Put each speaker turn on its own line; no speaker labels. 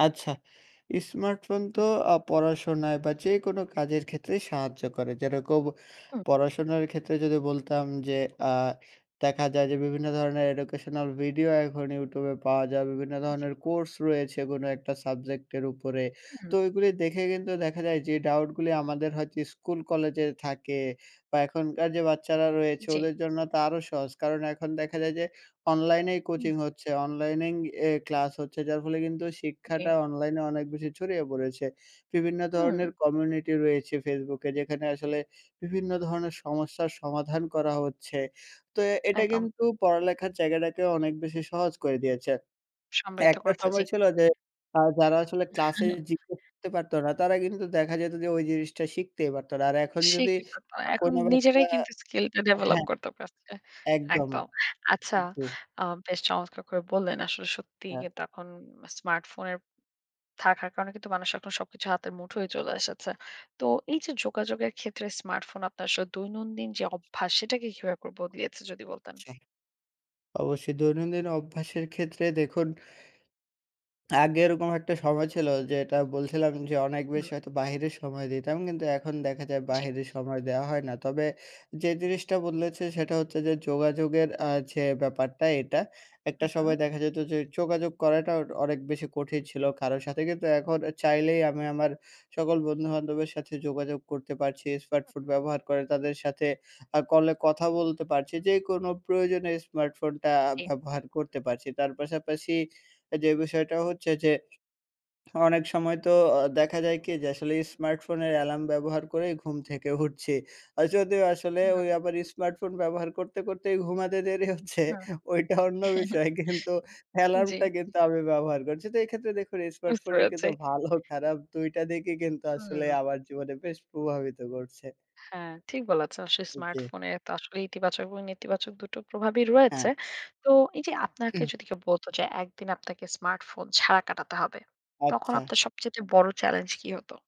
আচ্ছা, স্মার্টফোন তো
হু।
আ পড়াশোনায় বা যেকোনো কাজের ক্ষেত্রেই সাহায্য করে, যেরকম
উঁ হু।
পড়াশোনার ক্ষেত্রে যদি বলতাম যে, আ দেখা যায় যে, বিভিন্ন ধরণের এডুকেশনাল ভিডিও এখন ইউটিউবে পাওয়া যায়, বিভিন্ন
জি।
ধরণের কোর্স রয়েছে, কোনো একটা সাবজেক্টের উপরে তো
হুম।
ওইগুলি দেখে, কিন্তু দেখা যায় যে, ডাউটগুলি আমাদের হয়তো স্কুল কলেজে থাকে বা এখনকার যে বাচ্চারা রয়েছে,
জ্বী।
ওদের জন্য তা আরও সহজ, কারণ এখন দেখা যায় যে, অনলাইনেই
হুম।
কোচিং হচ্ছে, অনলাইনেই এ ক্লাস হচ্ছে, যার ফলে কিন্তু শিক্ষাটা
জ্বী।
অনলাইনে অনেক বেশি ছড়িয়ে পড়েছে। বিভিন্ন
হুম।
ধরনের কমিউনিটি রয়েছে ফেসবুকে, যেখানে আসলে বিভিন্ন ধরনের সমস্যার সমাধান করা হচ্ছে, তো এটা
একদম।
কিন্তু পড়ালেখার জায়গাটাকে অনেক বেশি সহজ করে দিয়েছে।
সমৃদ্ধ
একটা
করছে,
সময়
জ্বী।
ছিল যে, যারা আসলে ক্লাস এ
হুম।
জিজ্ঞেস করতে পারতো না তারা কিন্তু দেখা যেত যে, ওই জিনিসটা শিখতেই পারতো না। আর এখন যদি
শিখে করতে হয়। এখন
কোনো বাচ্চা
নিজেরাই কিন্তু স্কিলটা ডেভেলপ
হ্যাঁ,
করতে পারছে,
একদম।
একদম। আচ্ছা,
জি।
আ বেশ চমৎকার করে বললেন, আসলে সত্যি
হ্যাঁ।
কিন্তু এখন স্মার্টফোনের থাকার কারণে কিন্তু মানুষ এখন সবকিছু হাতের মুঠোয় চলে এসেছে। তো এই যে যোগাযোগের ক্ষেত্রে স্মার্টফোন আপনার স দৈনন্দিন যে অভ্যাস, সেটাকে কিভাব করে বদলিয়েছে যদি বলতেন?
সেই। অবশ্যই, দৈনন্দিন অভ্যাসের ক্ষেত্রে দেখুন, আগে এরকম একটা সময় ছিল, যেটা বলছিলাম যে, অনেক বেশি
হুম।
হয়তো বাহিরের সময় দিতাম, কিন্তু এখন দেখা যায়,
জ্বী।
বাহিরের সময় দেওয়া হয় না। তবে যে জিনিসটা বদলেছে, সেটা হচ্ছে যে, যোগাযোগের আ যে ব্যাপারটা এটা, একটা
হুম।
সময় দেখা যেত যে, যোগাযোগ করাটা অনেক বেশি কঠিন ছিলো, কারোর সাথে কিন্তু এখন চাইলেই আমি আমার সকল বন্ধুবান্ধবের সাথে যোগাযোগ করতে পারছি, স্মার্টফোন
হুম।
ব্যবহার করে তাদের সাথে অ্যা কলে কথা বলতে পারছি যে কোনো প্রয়োজনে, স্মার্টফোনটা
জ্বী।
ব্যবহার করতে পারছি। তার পাশাপাশি যে বিষয়টা হচ্ছে যে, অনেক সময় তো অ দেখা যায় কি যে, আসলে স্মার্টফোনের অ্যালার্ম ব্যবহার করেই ঘুম থেকে উঠছি, আর যদিও আসলে
হুম।
ওই আবার স্মার্টফোন ব্যবহার করতে, করতেই ঘুমাতে দেরি হচ্ছে,
হুম।
ওইটা অন্য বিষয়, কিন্তু
জ্বী।
অ্যালার্মটা কিন্তু আমি ব্যবহার করছি, তো এক্ষেত্রে দেখুন
বুঝতে
স্মার্টফোনের
পেরেছি।
কিন্তু ভালো, খারাপ ২ টা দিকই কিন্তু আসলে
হুম।
আমার জীবনে বেশ প্রভাবিত করছে।
হ্যাঁ, ঠিক বলেছেন। আসলে
ওকে।
স্মার্টফোনে তো আসলে ইতিবাচক এবং নেতিবাচক দুটো প্রভাবই
হ্যাঁ।
রয়েছে। তো এই যে আপনাকে
হু।
যদি কেউ বলত যে, একদিন আপনাকে স্মার্টফোন ছাড়া কাটাতে হবে, তখন
আচ্ছা।
আপনার সবচাইতে বড় চ্যালেঞ্জ কি হত?